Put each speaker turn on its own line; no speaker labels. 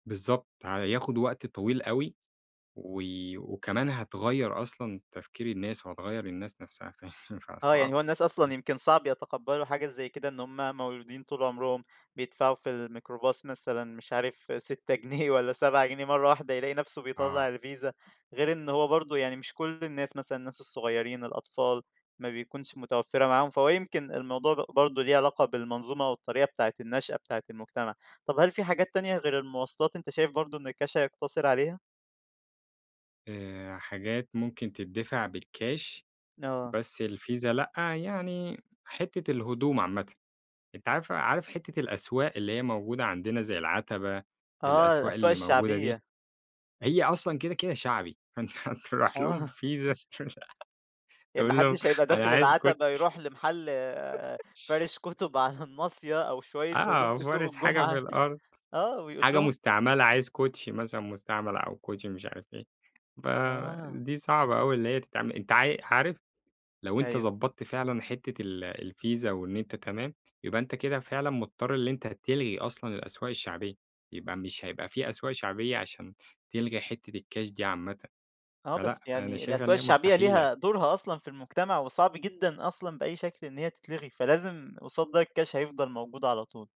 بالضبط، هياخُد وقت طويل أوي، و وكمان هتغيَّر أصلًا تفكير الناس وهتغيَّر الناس نفْسها، فيعني
آه،
فصعب.
يعني هو الناس
إمم.
أصلًا يمكن صعب يتقبَّلوا حاجة زي كده، إن هُم مولودين طول عمرهم بيدفَعوا في الميكروباص مثلًا مش عارِف 6 جنيه والّا 7 جنيه، مرَّة واحدة يلاقي نفْسه
آه.
بيطلَّع الVISA. غير إن هو برضو يعني، مش كل الناس، مثلًا الناس الصغيرين، الأطفال، ما بيكونش متوفَّرة معاهُم. فهو يمكن الموضوع ب برضو ليه علاقة بالمنظومة والطريقة بتاعة النشأة بتاعة المجتمع. طَب هل فيه حاجات تانية غير المواصلات أنتَ شايِف برضو إن الكاش هيقتصِر عليها؟
آآ، حاجات ممكن تدّفع بالكاش
آه.
بس الVISA، لأ، يعني حتة الهدوم عامةً، أنت عارف عارف حتة الأسواق اللي هي موجودة عندنا زي العتبة،
آه،
الأسواق
الأسواق
اللي موجودة دي،
الشعبية.
هي أصلًا كده كده شعبي، فأنت هترُوح لهم
آه.
بVISA
ي
تقول لهم
محدش هيبقى
أنا
داخل
عايز
العتبة
الكوتشي.
يرُوح لمحل فارش كُتُب على الناصية أو شوية هدوم
آه.
في سوق
فارش حاجة في
الجمعة
الأرض؛
آه، ويقول
حاجة
لهم
مستعملة، عايِز كوتشي مثلًا مستعمَل أو كوتشي مش عارِف إيه،
آه.
فدي صعبة أوي إن هي تتعمَل. أنتَ عا عارِف لو أنتَ
أيوه.
ضبَطت فعلًا حتّة ال الVISA وإن أنتَ تمام، يبقى أنتَ كده فعلًا مضطَر إن أنتَ تلغِي أصلًا الأسواق الشعبية، يبقى مش هيبقى في أسواق شعبية عشان تلغِي حتّة الكاش دي عامةً،
آه،
فلأ
بس
أنا
يعني
شايِفها
الأسواق
إن هي
الشعبية
مستحيلة.
ليها دورها أصلًا في المجتمع، وصعب جدًا أصلًا بأي شكل إن هي تتلَغى، فلازم قُصاد ده الكاش هيفضَل موجود على طول.